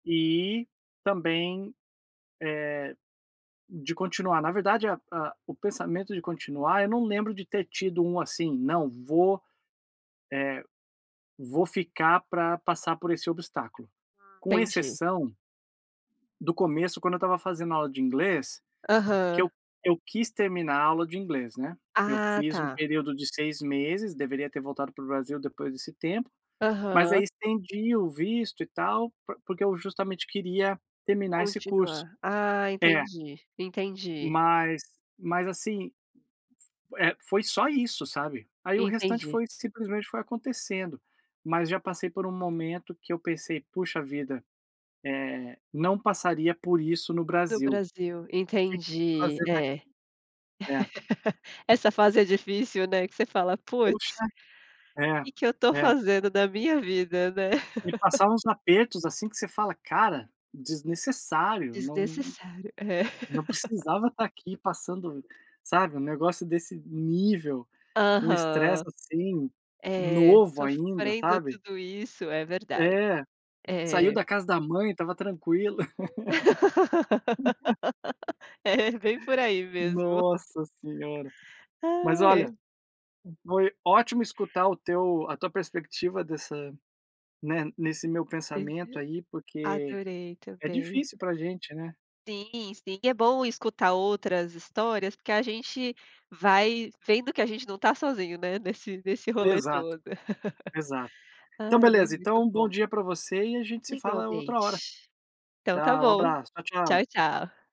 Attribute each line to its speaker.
Speaker 1: E também, eh, de continuar. Na verdade, a a o pensamento de continuar, eu não lembro de ter tido um, assim, "Não, vou, eh, vou ficar pra passar por esse obstáculo.",
Speaker 2: Ah,
Speaker 1: com
Speaker 2: entendi.
Speaker 1: exceção do começo, quando eu estava fazendo aula de inglês, que eu
Speaker 2: Aham.
Speaker 1: eu quis terminar a aula de inglês, né, eu
Speaker 2: Ah,
Speaker 1: fiz um
Speaker 2: tá.
Speaker 1: período de 6 meses, deveria ter voltado para o Brasil depois desse tempo, mas aí
Speaker 2: Aham.
Speaker 1: estendi o visto e tal, por porque eu justamente queria terminar esse curso.
Speaker 2: Continuar. Ah
Speaker 1: É.
Speaker 2: entendi, entendi.
Speaker 1: Mas mas, assim, eh, foi só isso sabe. Aí o restante
Speaker 2: Entendi.
Speaker 1: foi simplesmente foi acontecendo, mas já passei por um momento que eu pensei, "Puxa vida, eh, não passaria por isso no
Speaker 2: No
Speaker 1: Brasil.
Speaker 2: Brasil,
Speaker 1: O que
Speaker 2: entendi.
Speaker 1: fazendo aqui?".
Speaker 2: É,
Speaker 1: É.
Speaker 2: essa fase é difícil, né, que você fala, "Puts,
Speaker 1: Puxa. É,
Speaker 2: que que eu tô
Speaker 1: é.
Speaker 2: fazendo da minha vida.", né.
Speaker 1: Me passava uns apertos, assim, que você fala, "Cara, desnecessário, não
Speaker 2: Desnecessário, é.
Speaker 1: não precisava estar aqui passando", sabe, um negócio desse nível, um estresse,
Speaker 2: Aham,
Speaker 1: assim,
Speaker 2: é,
Speaker 1: novo ainda,
Speaker 2: sofrendo
Speaker 1: sabe.
Speaker 2: tudo isso, é verdade.
Speaker 1: É, saiu
Speaker 2: Eh
Speaker 1: da casa da mãe, estava tranquilo.
Speaker 2: É bem por aí mesmo.
Speaker 1: Nossa senhora, mas, olha,
Speaker 2: Ai.
Speaker 1: foi ótimo escutar o teu a tua perspectiva dessa, né, nesse meu
Speaker 2: Aham.
Speaker 1: pensamento aí, porque
Speaker 2: Adorei
Speaker 1: é
Speaker 2: também.
Speaker 1: difícil pra gente, né.
Speaker 2: Sim, sim, é bom escutar outras histórias, porque a gente vai vendo que a gente não tá sozinho, né, nesse nesse rolê
Speaker 1: Exato,
Speaker 2: todo.
Speaker 1: exato. Então,
Speaker 2: Ai, mas
Speaker 1: beleza, então,
Speaker 2: muito
Speaker 1: um bom
Speaker 2: bom.
Speaker 1: dia pra você e a gente se fala outra hora.
Speaker 2: Igualmente. Então tá
Speaker 1: Tá, um
Speaker 2: bom.
Speaker 1: abraço, tchau
Speaker 2: Tchau
Speaker 1: tchau.
Speaker 2: tchau.